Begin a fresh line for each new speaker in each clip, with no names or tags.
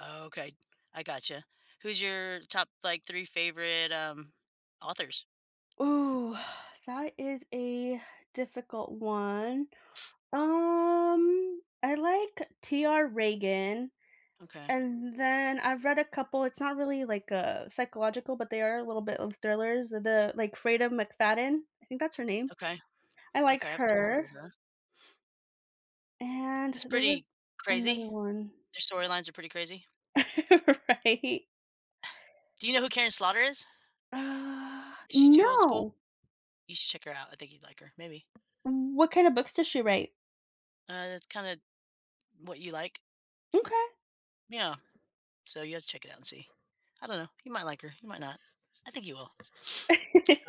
Okay. I gotcha. Who's your top, like, 3 favorite, um, authors?
Ooh, that is a difficult one. Um, I like, T. R. Ragan.
Okay.
And then, I've read a couple it's not really, like, uh, psychological, but they are a little bit of thrillers. The, like, Freida McFadden. I think that's her name.
Okay.
I like
Okay, I think I've
her.
heard of that.
And
It's
there was
pretty
another
crazy?
one
Their story lines are pretty crazy?
Right?
Do you know who Karen Slaughter is?
Uh,
Is she too old school?
no.
You should check her out. I think you'd like her. Maybe.
Wh what kind of books does she write?
Ah, that's kinda what you like?
M'kay.
Yeah. So you have to check it out and see. I don't know. You might like her. You might not. I think you will.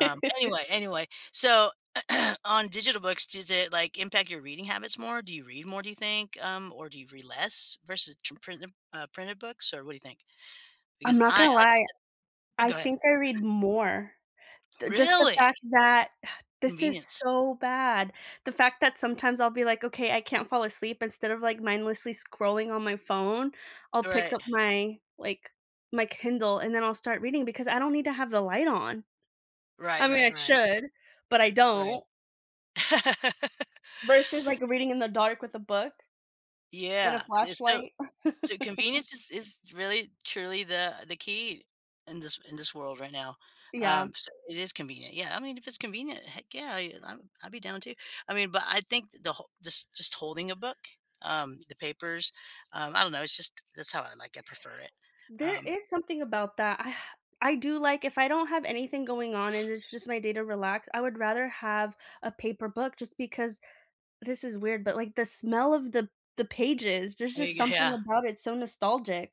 Um, anyway anyway, so on digital books, does it, like, impact your reading habits more? Do you read more, do you think? Um, or do you read less versus tr printem uh, printed books? Or, what do you think?
I'm
Because
not
I
gonna
like I
lie.
said uh,
I
go ahead.
think I read more. The just the
Really?
fact that this is
Convenience.
so bad. The fact that sometimes I'll be like, okay, I can't fall asleep instead of, like, mindlessly scrolling on my phone. I'll pick
Alright.
up my, like, my Kindle and then I'll start reading because I don't need to have the light on. I
Right,
mean,
right,
I
right.
should, but I
Right.
don't. Versus, like, reading in the dark with a book, and
Yeah.
a
It's sti
flashlight.
So, convenience is is really truly the the key in this in this world, right now.
Yeah.
Um, so it is convenient. Yeah, I mean, if it's convenient, heck, yeah, y I'm I'd be down too. I mean, but I think the hol just just holding a book, um, the papers, um, I don't know, it's just that's how I like it, prefer it.
There
Um
is something about that. I do, like, if I don't have anything going on and it's just my day to relax, I would rather have a paper book just because this is weird, but, like, the smell of the the pages, there's just
[unintelligible]
something
yeah.
about it, it's so nostalgic.